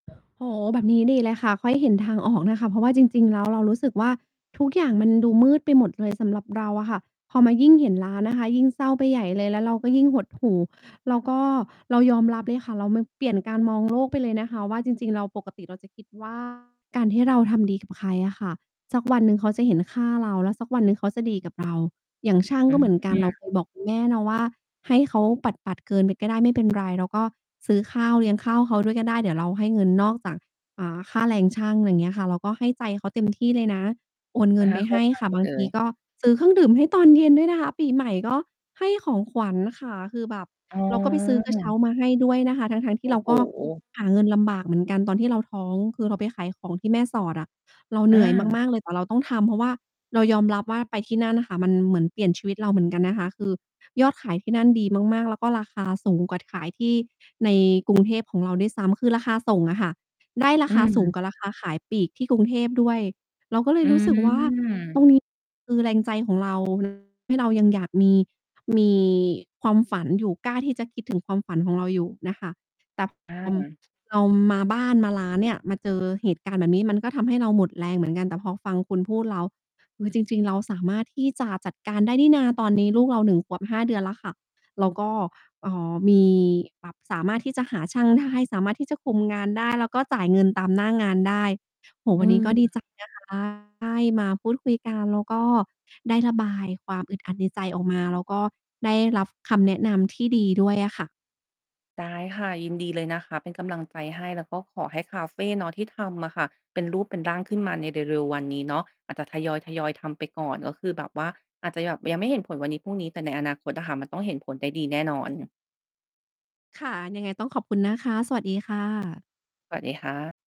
โอ้โฮ แบบนี้ดีเลยค่ะ ค่อย เห็นทางออกนะคะ เพราะว่าจริง ๆ แล้ว เรารู้สึกว่า ทุกอย่างมันดูมืดไปหมดเลย สำหรับเราอะค่ะ พอมายิ่งเห็นร้าน นะคะ ยิ่งเศร้าไปใหญ่เลย แล้วเราก็ยิ่งหดหู่ แล้วก็เรายอมรับเลยค่ะ เรา ม เปลี่ยนการมองโลก ไปเลยนะคะว่า จริง ๆ เรา ปกติเราจะคิด ว่า การที่เราทำดีกับใครอะค่ะ สัก วันหนึ่งเขาจะเห็นค่าเรา แล้วสักวันหนึ่งเขาจะดีกับเรา อย่างช่างอก็เหมือนกัืน เรา อ เคย บอกคุณแม่เนาะว่า "ให้เขาปัด ๆ เกินไปก็ได้ไม่เป็นไร" เราก็ซื้อข้าวเลี้ยงข้าวเขาด้วยก็ได้ เดี๋ยวเราให้เงินนอกจาก อ่า ค่าแรงช่าง ไรอย่างเงี้ยค่ะ เราก็ให้ใจเขาเต็ม ที่เลยนะ โอนเงอิะนฮไปะ เขใ้หา้ใจ ค่ะ บาเลงทีย ก็ซื้อเครื่องดื่มให้ตอนเย็นด้วยนะคะ ปีใหม่ก็ให้ของขวัญค่ะ คือแบบอ๋เราก็ไปซื้อกระเช้าอ มาให้ด้วยนะคะ ทั้ง ๆ ทโีอ่เ้ราโก็ ฮ หาเงินลำบากเหมือนกัน ตอนที่เราท้อง คือเราไปขายของที่แม่สอดอะ เราเอหนื่อย า มาก ๆ เลย แต่เราต้องทำ เพราะว่าเรายอมรับว่าไปที่นั่นอะค่ะ มันเหมือนเปลี่ยนชีวิตเราเหมือนกันนะคะ คือยอดขายที่นั่นดีมาก ๆ แล้วก็ราคา สูงกว่าขายที่ใน กรุงเทพของเราด้วยซ้ำ คือราคาส่งอะค่ะ ได้ราอืคาสูงม กว่าราคาขายปลีกที่กรุงเทพด้วย เราก็เลอยืรู้สึกว่า ตม รงนี้ คือแรงใจของ เรา ให้เรายังอยากมี มีความฝันอยู่ กล้าที่จะคิดถึง ความฝันของเราอยู่น่ะค่ะ แต่ อพอ า เรามาบ้าน มาร้านเนี่ย มาเจอเหตุการณ์แบบนี้ มันก็ทำให้เราหมดแรงเหมือน กัน แต่พอฟังคุณพูดแล้ว คือจริง ๆ เราสามารถที่จะจัดการได้นี่นา ตอนนี้ลูกเรา 1 ขวบ 5 เดือนแล้วค่ะ เราก็ เอ่อ มี แบบสามารถที่จะหาช่างได้ สามารถที่จะคุมงานได้ แล้วก็จ่ายเงินตามหน้างานได้ โอ้โฮ อวืันนี้ม ก็ดี ใจนะคะ ได้มาพูดคุยกัน แล้วก็ได้ระบายความอึดอัดในใจออกมา แล้วก็ได้รับคำแนะนำที่ดีด้วยอะค่ะ ได้ค่ะ ยินดีเลยนะคะ เป็นกำลังใจให้ แล้วก็ขอให้คาเฟเนาะที่ทำอะค่ะ เป็นรูปเป็นร่างขึ้นมาในเร็ว ๆ วันนี้เนาะ อาจจะทยอย ๆ ทำไปก่อน ก็คือแบบว่าอาจจะแบบยังไม่เห็นผลวันนี้พรุ่งนี้ แต่ในอนาคตอะค่ะ มันต้องเห็นผลได้ดีแน่นอน ค่ะ ยังไงต้องขอบคุณนะคะ สวัสดีค่ะ สวัสดีค่ะ